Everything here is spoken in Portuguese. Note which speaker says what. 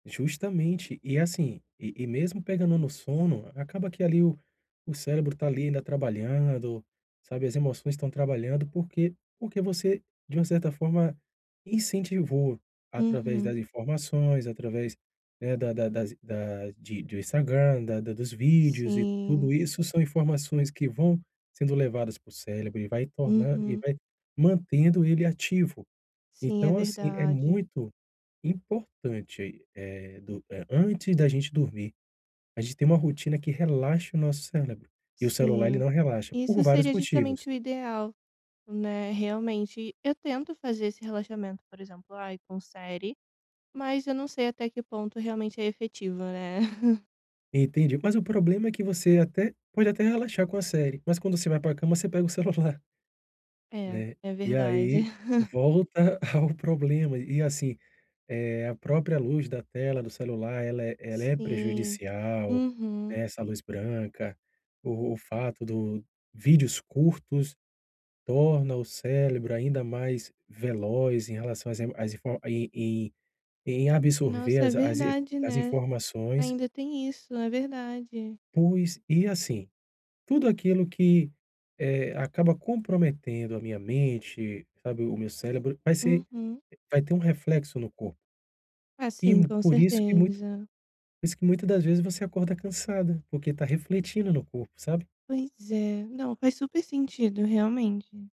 Speaker 1: Justamente. E assim, e e mesmo pegando no sono, acaba que ali o o cérebro tá ali ainda trabalhando, sabe, as emoções estão trabalhando porque porque você, de uma certa forma, incentivou através
Speaker 2: Uhum.
Speaker 1: das informações, através, né, da da das i das de de Instagram, da da dos vídeos e
Speaker 2: Sim.
Speaker 1: tudo isso são informações que vão sendo levadas pro cérebro e vai tornar e
Speaker 2: Uhum.
Speaker 1: vai mantendo ele ativo.
Speaker 2: Sim, é
Speaker 1: Então assim, é
Speaker 2: verdade.
Speaker 1: muito importante, eh, do eh, antes da gente dormir, a gente ter uma rotina que relaxa o nosso cérebro, e o celular ele
Speaker 2: Sim.
Speaker 1: não relaxa, por
Speaker 2: Isso
Speaker 1: vários
Speaker 2: seria
Speaker 1: motivos.
Speaker 2: justamente o ideal, né, realmente. Eu tento fazer esse relaxamento, por exemplo, ai, com série, mas eu não sei até que ponto realmente é efetivo, né?
Speaker 1: Entendi. Mas o problema é que você até pode até relaxar com a série, mas quando você vai pra cama você pega o celular.
Speaker 2: É,
Speaker 1: Né?
Speaker 2: é
Speaker 1: E
Speaker 2: verdade.
Speaker 1: aí volta ao problema. E assim, eh, a própria luz da tela do celular ela é ela é
Speaker 2: Sim,
Speaker 1: prejudicial,
Speaker 2: uhum.
Speaker 1: né. Essa luz branca, o o fato do vídeos curtos, torna o cérebro ainda mais veloz em relação as emo as info e em em absorver
Speaker 2: Nossa, é
Speaker 1: as a as i
Speaker 2: verdade,
Speaker 1: as
Speaker 2: né?
Speaker 1: informações.
Speaker 2: Ainda tem isso, é verdade.
Speaker 1: Pois, e assim, tudo aquilo que, eh, acaba comprometendo a minha mente, sabe, o meu cérebro, vai ser
Speaker 2: Uhum.
Speaker 1: vai ter um reflexo no corpo.
Speaker 2: Ah
Speaker 1: E
Speaker 2: sim,
Speaker 1: mu
Speaker 2: com
Speaker 1: por isso que muita
Speaker 2: certeza.
Speaker 1: por isso que muita das vezes você acorda cansada, porque está refletindo no corpo, sabe?
Speaker 2: Pois é. Não, faz super sentido, realmente.